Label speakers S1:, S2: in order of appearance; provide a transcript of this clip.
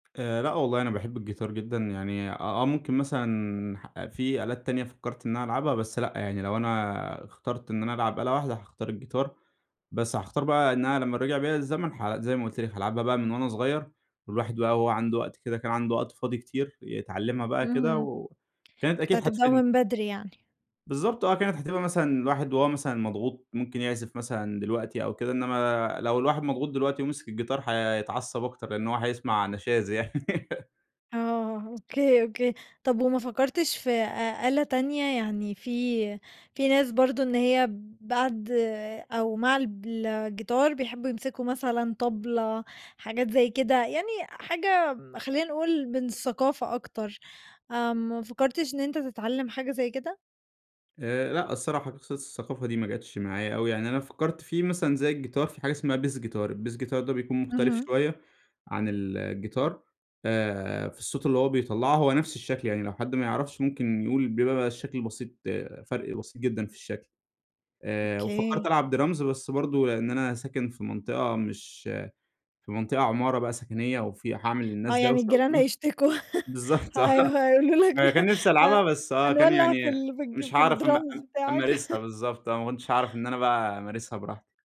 S1: آآ لأ، والله أنا باحِب الجيتار جدًا يعني، آآ، آه، ممكن مثلًا في آلات تانية فكَّرت إن أنا ألعبها، بس لأ يعني، لو أنا اخترت إن أنا ألعب آلة واحدة هاختار الجيتار. بس هاختار بقى إن أنا لمّا رجَع بيّا الزمن، iJ زي ما قُلت لك، هالعبها بقى من وأنا صغيِّر، الواحد بقى هو عنده وقت كده، كان عنده وقت فاضي كتير يتعلَّمها بقى كده،
S2: اهم.
S1: وكانت
S2: كنت
S1: أكيد
S2: هتبدأه
S1: هتفيدني.
S2: من بدري يعني؟
S1: بالضبط، آه، كانت هتبقى مثلًا، الواحد وهو مثلًا مضغوط، ممكن يعزِف مثلًا دلوقتي أو كده. إنّما لو الواحد مضغوط دلوقتي ومسَك الجيتار، هيتعصَّب أكتر، لأنّه هو هيسمع نشاز يعني.
S2: آه، أوكي، أوكي، طَب وما فكَّرتش في أ أ آلة تانية؟ يعني في في ناس برضه إن هي بعد أو مع الجيتار بيحبُّوا يمسكوا مثلًا طبلة، حاجات زيّ كده، يعني حاجة خلِّينا نقول من الثقافة أكتر. آآ، ما فكَّرتش إن أنتَ تتعلَّم حاجة زي كده؟
S1: آآ، لأ، الصراحة بخصوص الثقافة دي ما جاتش معايا أوي يعني. أنا فكَّرت فيه مثلًا زي الجيتار، في حاجة اسمها bass guitar، الbass guitar ده بيكون مختلِف
S2: اهم.
S1: شويَّة عن ال الجيتار، آآ في الصوت اللي هو بيطلّعه، هو نفْس الشكل يعني، لو حد ما يعرِفش ممكن يقول، بيبقى الشكل بسيط آآ، فرق بسيط جدًا في الشكل. آآ وفكَّرت
S2: أوكي.
S1: ألعب drums، بس برضه لأن أنا ساكن في منطقة مش في منطقة عمارة بقى سكنيَّة، وفي هاعمل
S2: آه،
S1: للناس
S2: يعني
S1: دوّشة
S2: الجيران
S1: وبتاع.
S2: هيشتكوا،
S1: بالضبط،
S2: ها
S1: آه،
S2: هاي هيقولوا لك:
S1: ما كان ألعبها
S2: "آآ،
S1: بس، آه، كان
S2: هنولّع في
S1: يعني
S2: الج في
S1: مش
S2: في
S1: هاعرف أ
S2: الdrums بتاعك."
S1: أمارسها، بالضبط، آه، ما كُنتِش هاعرف إن أنا بقى أمارسها براحتي.